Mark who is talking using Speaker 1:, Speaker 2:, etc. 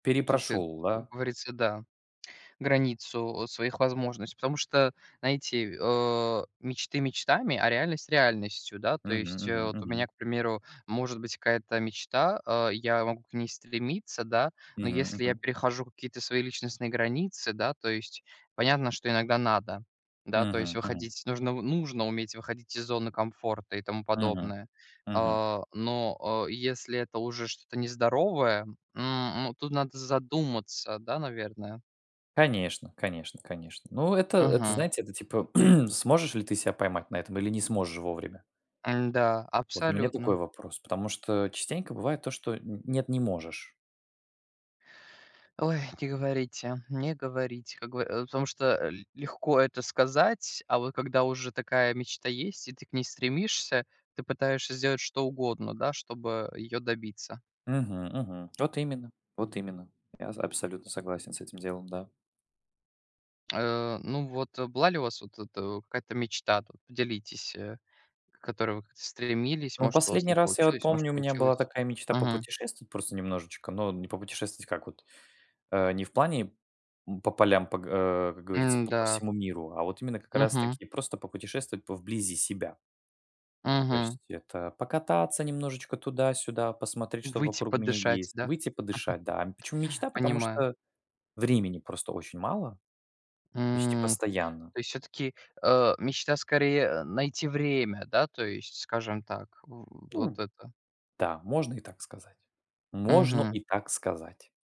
Speaker 1: Тут, э, м,
Speaker 2: Перепрошел,
Speaker 1: как
Speaker 2: да?
Speaker 1: говорится, да. Границу, э, своих возможностей, потому что, знаете, э, мечты мечтами, а реальность реальностью. Да, то
Speaker 2: Мгм
Speaker 1: есть, э,
Speaker 2: мгм
Speaker 1: вот у меня,
Speaker 2: мгм.
Speaker 1: к примеру, может быть какая-то мечта, э, я могу к ней стремиться, да, но
Speaker 2: Мгм
Speaker 1: если я
Speaker 2: мгм.
Speaker 1: перехожу какие-то свои личностные границы, да, то есть понятно, что иногда надо, да, то есть
Speaker 2: Мгм мгм.
Speaker 1: выходить, нужно нужно уметь выходить из зоны комфорта и тому
Speaker 2: Мгм.
Speaker 1: подобное.
Speaker 2: Мгм.
Speaker 1: А, но, э, если это уже что-то нездоровое, м, м, тут надо задуматься, да, наверное.
Speaker 2: Конечно конечно конечно. Ну, это это,
Speaker 1: Мгм.
Speaker 2: знаете, это, типа, сможешь ли ты ся поймать на этом или не сможешь вовремя?
Speaker 1: М-да,
Speaker 2: Вот у меня такой
Speaker 1: абсолютно.
Speaker 2: вопрос. Потому что, частенько бывает то, что н нет, не можешь.
Speaker 1: Ой, не говорите, не говорите, как гов э, потому что, э, легко это сказать, а вот когда уже такая мечта есть и ты к ней стремишься, ты пытаешься сделать что угодно, да, чтобы её добиться.
Speaker 2: Мгм мгм. Вот именно вот именно. Я за абсолютно согласен с этим делом, да.
Speaker 1: Э, ну вот, была ли у вас вот эта, какая-то мечта-то? Делитесь, э, к которой вы стремились,
Speaker 2: Ну, в
Speaker 1: может, у вас
Speaker 2: последний
Speaker 1: не
Speaker 2: раз я, вот,
Speaker 1: получилось, может,
Speaker 2: помню, у меня была
Speaker 1: получилось.
Speaker 2: такая мечта
Speaker 1: Мгм.
Speaker 2: попутешествовать просто немножечко, но не попутешествовать как вот, э, не в плане, м, по полям, по г э, как говорится, по п
Speaker 1: М-да.
Speaker 2: всему миру, а вот именно как
Speaker 1: Мгм.
Speaker 2: раз-таки просто попутешествовать по вблизи себя. То
Speaker 1: Мгм.
Speaker 2: есть это покататься немножечко туда-сюда, посмотреть, что
Speaker 1: Выйти
Speaker 2: вокруг меня
Speaker 1: подышать,
Speaker 2: есть,
Speaker 1: да.
Speaker 2: выйти подышать, да. Почему мечта, потому
Speaker 1: Понимаю.
Speaker 2: что времени просто очень мало. Почти
Speaker 1: М,
Speaker 2: постоянно.
Speaker 1: то есть всё-таки, э, мечта скорее, э, найти время, да, то есть, скажем так, в вот
Speaker 2: Ну
Speaker 1: это.
Speaker 2: да. Можно и так сказать. Можно
Speaker 1: Мгм.
Speaker 2: и так сказать.